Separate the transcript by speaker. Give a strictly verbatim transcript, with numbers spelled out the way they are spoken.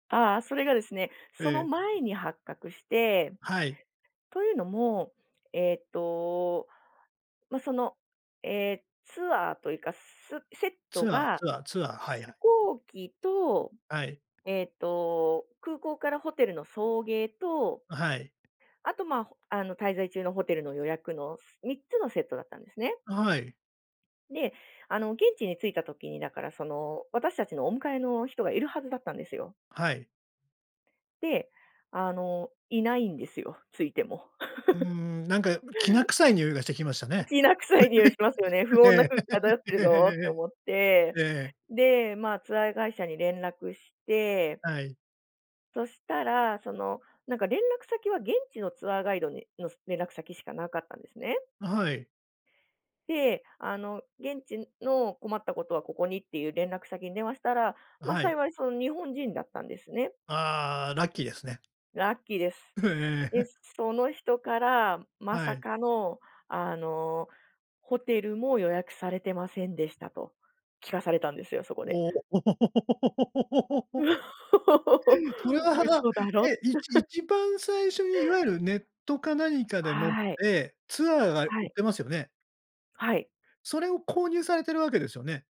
Speaker 1: ああ、それがですね、
Speaker 2: え
Speaker 1: その
Speaker 2: え。
Speaker 1: 前に発覚して。
Speaker 2: はい。
Speaker 1: というのも、えっと、ま、そのええ、ツアーというか、すセット
Speaker 2: ツアー
Speaker 1: が
Speaker 2: ツアーツアー。
Speaker 1: 飛
Speaker 2: はいはい。
Speaker 1: 行機と、
Speaker 2: はい。
Speaker 1: えっと、空港からホテルの送迎と
Speaker 2: あ、はい。
Speaker 1: あと、ま、ほあの、滞在中のホテルの予約の、すみっつのセットだったんですね。
Speaker 2: あ、はい。
Speaker 1: で、あの現地に着いた時に、だからその、私たちのお迎えの人がいるはずだったんですよ。
Speaker 2: はい。
Speaker 1: で、あの、いないんですよ、着いても。
Speaker 2: うー ん、なんか、うきな臭いにおいがしてきました
Speaker 1: う
Speaker 2: ね。
Speaker 1: きな臭いにおいしますよね「不
Speaker 2: う
Speaker 1: 穏な
Speaker 2: ええ。
Speaker 1: 空気漂 ってる
Speaker 2: えええ
Speaker 1: ぞ」って思って。
Speaker 2: えええええ。ええ。
Speaker 1: で、ま、ツアー会社に連絡して。
Speaker 2: はい。
Speaker 1: そしたら、そのなんか連絡先は現地のツアーガイドにの連絡先しかなかったんですね。
Speaker 2: あ、はい。
Speaker 1: で、あの、現地の、困ったことはここにっていう連絡先に電話したら、
Speaker 2: あ、
Speaker 1: ま、
Speaker 2: はい。
Speaker 1: 幸い、その、日本人だったんですね。
Speaker 2: ああ、ラッキーですね。
Speaker 1: ラッキーです。
Speaker 2: ええ。
Speaker 1: で、その人から、ま
Speaker 2: は
Speaker 1: さ
Speaker 2: い。
Speaker 1: かの、あの「ホテルも予約されてませんでした」と聞かされたんですよ、そこで。
Speaker 2: おお。それは、はな
Speaker 1: 「嘘だろ」
Speaker 2: え、いち 一番最初にいわゆるネットか何かでもっ
Speaker 1: はい。
Speaker 2: て、ツアーが売
Speaker 1: は
Speaker 2: っ
Speaker 1: い。
Speaker 2: てますよね？
Speaker 1: はい。
Speaker 2: それを購入されてるわけですよね？